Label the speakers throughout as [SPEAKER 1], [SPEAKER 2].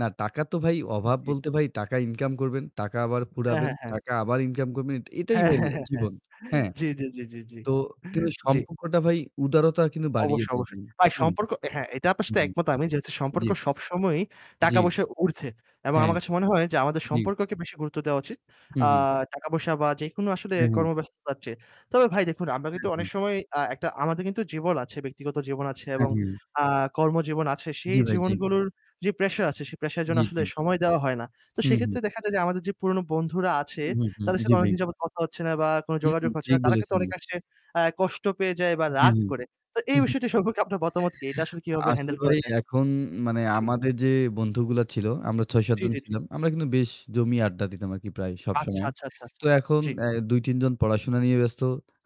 [SPEAKER 1] না, টাকা তো ভাই অভাব
[SPEAKER 2] জি।
[SPEAKER 1] বলতে ভাই টাকা ইনকাম করবেন, টাকা আবার
[SPEAKER 2] হ্যাঁ,
[SPEAKER 1] ফুরাবেন,
[SPEAKER 2] হ্যাঁ, হ্যাঁ।
[SPEAKER 1] টাকা আবার ইনকাম করবেন। এট এটাই
[SPEAKER 2] হ্যাঁ,
[SPEAKER 1] ভাই
[SPEAKER 2] হ্যাঁ, হ্যাঁ।
[SPEAKER 1] জীবন। হ্যাঁ।
[SPEAKER 2] জি, জি, জি, জি,
[SPEAKER 1] তো কিন্তু
[SPEAKER 2] জি।
[SPEAKER 1] সম্পর্কটা ভাই উদারতা কিন্তু বাড়িয়ে
[SPEAKER 2] অবশ্যই,
[SPEAKER 1] দেয়
[SPEAKER 2] অবশ্যই
[SPEAKER 1] ভাই।
[SPEAKER 2] ভাই
[SPEAKER 1] হুম।
[SPEAKER 2] সম্পর্ক হ্যাঁ, এটা আপনার
[SPEAKER 1] হু,
[SPEAKER 2] সাথে
[SPEAKER 1] হুম।
[SPEAKER 2] একমত আমি যেহেতু
[SPEAKER 1] জি।
[SPEAKER 2] সম্পর্ক সবসময়ই
[SPEAKER 1] জি।
[SPEAKER 2] টাকা পয়সার উর্ধ্বে এবং
[SPEAKER 1] হ্যাঁ।
[SPEAKER 2] আমার কাছে মনে হয় যে আমাদের
[SPEAKER 1] জি।
[SPEAKER 2] সম্পর্ককে বেশি গুরুত্ব দেওয়া উচিত।
[SPEAKER 1] হু,
[SPEAKER 2] আ
[SPEAKER 1] হুম।
[SPEAKER 2] টাকা পয়সা বা যেকোনো আসলে
[SPEAKER 1] হ্যাঁ। হ্যাঁ।
[SPEAKER 2] কর্মব্যস্ততার চেয়ে। তবে ভাই দেখুন, আমরা
[SPEAKER 1] হু,
[SPEAKER 2] কিন্তু
[SPEAKER 1] হু।
[SPEAKER 2] অনেক সময় আ একটা আমাদের কিন্তু জীবন আছে, ব্যক্তিগত জীবন আছে
[SPEAKER 1] হ্যাঁ,
[SPEAKER 2] এবং
[SPEAKER 1] হ্যাঁ।
[SPEAKER 2] আ কর্মজীবন আছে। সেই
[SPEAKER 1] জি, ভাই। জি
[SPEAKER 2] জীবনগুলোর যে pressure আছে, সে pressure এর জন্য
[SPEAKER 1] জি,
[SPEAKER 2] আসলে
[SPEAKER 1] জি।
[SPEAKER 2] সময় দেওয়া হয় না। তো
[SPEAKER 1] হু, হুম।
[SPEAKER 2] সেইক্ষেত্রে দেখা যায় যে আমাদের যে পুরনো বন্ধুরা
[SPEAKER 1] হু,
[SPEAKER 2] আছে,
[SPEAKER 1] হুম, হুম।
[SPEAKER 2] তাদের
[SPEAKER 1] জি,
[SPEAKER 2] সাথে
[SPEAKER 1] ভাই।
[SPEAKER 2] অনেকদিন যাবত কথা হচ্ছে না বা কোনো
[SPEAKER 1] হুম,
[SPEAKER 2] যোগাযোগ হচ্ছে
[SPEAKER 1] ঠিক
[SPEAKER 2] না। তারা কিন্তু
[SPEAKER 1] বলেছেন ই।
[SPEAKER 2] অনেকাংশে আ কষ্ট পেয়ে যায় বা
[SPEAKER 1] হ্যাঁ,
[SPEAKER 2] রাগ
[SPEAKER 1] হ্যাঁ।
[SPEAKER 2] করে। তো
[SPEAKER 1] হু,
[SPEAKER 2] এই
[SPEAKER 1] হু।
[SPEAKER 2] বিষয়টি সম্পর্কে আপনার মতামত কি? এটা আসলে কিভাবে
[SPEAKER 1] আসলে
[SPEAKER 2] handle
[SPEAKER 1] ভাই
[SPEAKER 2] করা যায়?
[SPEAKER 1] এখন মানে
[SPEAKER 2] জি।
[SPEAKER 1] আমাদের যে বন্ধুগুলো ছিল আমরা ৬, ৭
[SPEAKER 2] জি,
[SPEAKER 1] জন
[SPEAKER 2] জি, জি।
[SPEAKER 1] ছিলাম। আমরা কিন্তু বেশ জমিয়ে আড্ডা দিতাম আরকি প্রায় সব
[SPEAKER 2] আচ্ছা,
[SPEAKER 1] সময়।
[SPEAKER 2] আচ্ছা, আচ্ছা, আচ্ছা।
[SPEAKER 1] তো এখন
[SPEAKER 2] জি।
[SPEAKER 1] আয় ২, ৩ জন পড়াশোনা নিয়ে ব্যস্ত।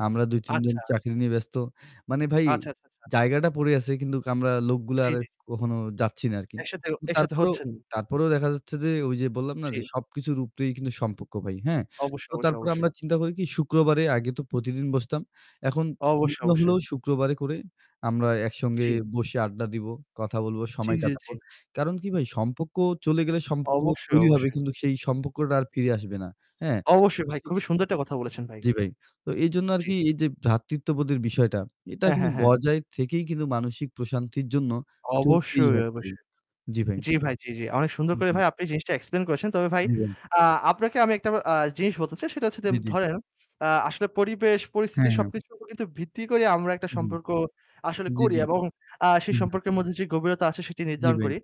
[SPEAKER 1] আমরা ২, ৩ জন
[SPEAKER 2] আচ্ছা।
[SPEAKER 1] চাকরি নিয়ে ব্যস্ত। মানে ভাই
[SPEAKER 2] আচ্ছা, আচ্ছা, আচ্ছা।
[SPEAKER 1] জায়গাটা পড়ে আছে কিন্তু আমরা লোকগুলার
[SPEAKER 2] জি,
[SPEAKER 1] আর
[SPEAKER 2] জি।
[SPEAKER 1] কখনো যাচ্ছি না আরকি।
[SPEAKER 2] একসাথে অ
[SPEAKER 1] উ
[SPEAKER 2] একসাথে
[SPEAKER 1] তারপরও
[SPEAKER 2] হচ্ছেন।
[SPEAKER 1] তারপরও দেখা যাচ্ছে যে ওইযে বললাম না? যে
[SPEAKER 2] জি।
[SPEAKER 1] সব কিছুর উপরেই কিন্তু সম্পর্ক ভাই। হ্যাঁ?
[SPEAKER 2] অবশ্যই,
[SPEAKER 1] তো
[SPEAKER 2] অবশ্যই,
[SPEAKER 1] তারপরে
[SPEAKER 2] অবশ্যই।
[SPEAKER 1] আমরা চিন্তা করি কি শুক্রবারে আগে তো প্রতিদিন বসতাম, এখন [unintelligible]
[SPEAKER 2] অবশ্যই,
[SPEAKER 1] গুলা
[SPEAKER 2] অবশ্যই।
[SPEAKER 1] হলেও শুক্রবারে করে আমরা একসঙ্গে
[SPEAKER 2] জি।
[SPEAKER 1] বসে আড্ডা দিব, কথা বলবো,
[SPEAKER 2] জি,
[SPEAKER 1] সময়
[SPEAKER 2] জি, জি।
[SPEAKER 1] কাটাবো। কারণ কি ভাই? সম্পর্ক চলে গেলে সম্পর্ক
[SPEAKER 2] অবশ্যই,
[SPEAKER 1] তৈরি হবে
[SPEAKER 2] অবশ্যই।
[SPEAKER 1] কিন্তু সেই সম্পর্কটা আর ফিরে আসবে না। হ্যাঁ? তো
[SPEAKER 2] অবশ্যই ভাই, খুবই
[SPEAKER 1] সেইক্ষেত্রে
[SPEAKER 2] সুন্দর একটা কথা বলেছেন ভাই।
[SPEAKER 1] জি, ভাই। তো এইজন্য
[SPEAKER 2] জি।
[SPEAKER 1] আরকি এইযে ভ্রাতৃত্ববোধের বিষয়টা, এটা
[SPEAKER 2] হ্যাঁ,
[SPEAKER 1] কিন্তু
[SPEAKER 2] হ্যাঁ, হ্যাঁ।
[SPEAKER 1] বজায় থেকেই কিন্তু মানসিক প্রশান্তির জন্য চলতেই
[SPEAKER 2] অবশ্যই,
[SPEAKER 1] হবে ভাই।
[SPEAKER 2] অবশ্যই।
[SPEAKER 1] জি, ভাই।
[SPEAKER 2] জি ভাই, জি, জি। অনেক সুন্দর
[SPEAKER 1] হু,
[SPEAKER 2] করে
[SPEAKER 1] হুম।
[SPEAKER 2] ভাই আপনি জিনিসটা explain করেছেন। তবে ভাই,
[SPEAKER 1] জি, ভাই।
[SPEAKER 2] আ আপনাকে আমি একটা আ জিনিস বলতে চাই। সেটা হচ্ছে যে
[SPEAKER 1] জি, জি।
[SPEAKER 2] ধরেন আ আসলে পরিবেশ, পরিস্থিতি
[SPEAKER 1] হ্যাঁ, হ্যাঁ।
[SPEAKER 2] সবকিছুর উপর কিন্তু ভিত্তি করেই আমরা একটা
[SPEAKER 1] হু, হু।
[SPEAKER 2] সম্পর্ক আসলে
[SPEAKER 1] জি,
[SPEAKER 2] করি
[SPEAKER 1] জি।
[SPEAKER 2] এবং আ
[SPEAKER 1] হু,
[SPEAKER 2] সেই
[SPEAKER 1] হু।
[SPEAKER 2] সম্পর্কের মধ্যে যে গভীরতা আছে সেটি
[SPEAKER 1] জি,
[SPEAKER 2] নির্ধারণ
[SPEAKER 1] ভাই।
[SPEAKER 2] করি।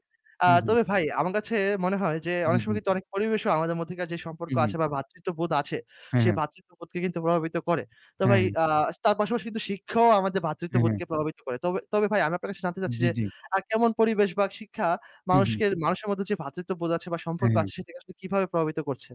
[SPEAKER 2] আ
[SPEAKER 1] হু, হুম।
[SPEAKER 2] তবে ভাই আমার কাছে মনে হয় যে
[SPEAKER 1] জি,
[SPEAKER 2] অনেক সময়
[SPEAKER 1] জি।
[SPEAKER 2] কিন্তু অনেক পরিবেশও আমাদের মধ্যেকার যে
[SPEAKER 1] হু,
[SPEAKER 2] সম্পর্ক
[SPEAKER 1] হু।
[SPEAKER 2] আছে বা ভ্রাতৃত্ববোধ আছে,
[SPEAKER 1] হ্যাঁ,
[SPEAKER 2] সে
[SPEAKER 1] হ্যাঁ।
[SPEAKER 2] ভ্রাতৃত্ববোধকে কিন্তু প্রভাবিত করে। তো
[SPEAKER 1] হ্যাঁ,
[SPEAKER 2] ভাই,
[SPEAKER 1] হ্যাঁ।
[SPEAKER 2] আ তার পাশাপাশি কিন্তু শিক্ষাও আমাদের
[SPEAKER 1] হ্যাঁ, হ্যাঁ।
[SPEAKER 2] ভ্রাতৃত্ববোধকে প্রভাবিত করে। তবে তবে ভাই আমি আপনার কাছে জানতে চাচ্ছি
[SPEAKER 1] জি,
[SPEAKER 2] যে,
[SPEAKER 1] জি।
[SPEAKER 2] আ কেমন পরিবেশ বা শিক্ষা
[SPEAKER 1] হু, হুম।
[SPEAKER 2] মানুষকে মানুষের মধ্যে যে ভ্রাতৃত্ববোধ আছে বা সম্পর্ক
[SPEAKER 1] হ্যাঁ, হ্যাঁ।
[SPEAKER 2] আছে, সেটিকে আসলে কিভাবে প্রভাবিত করছে?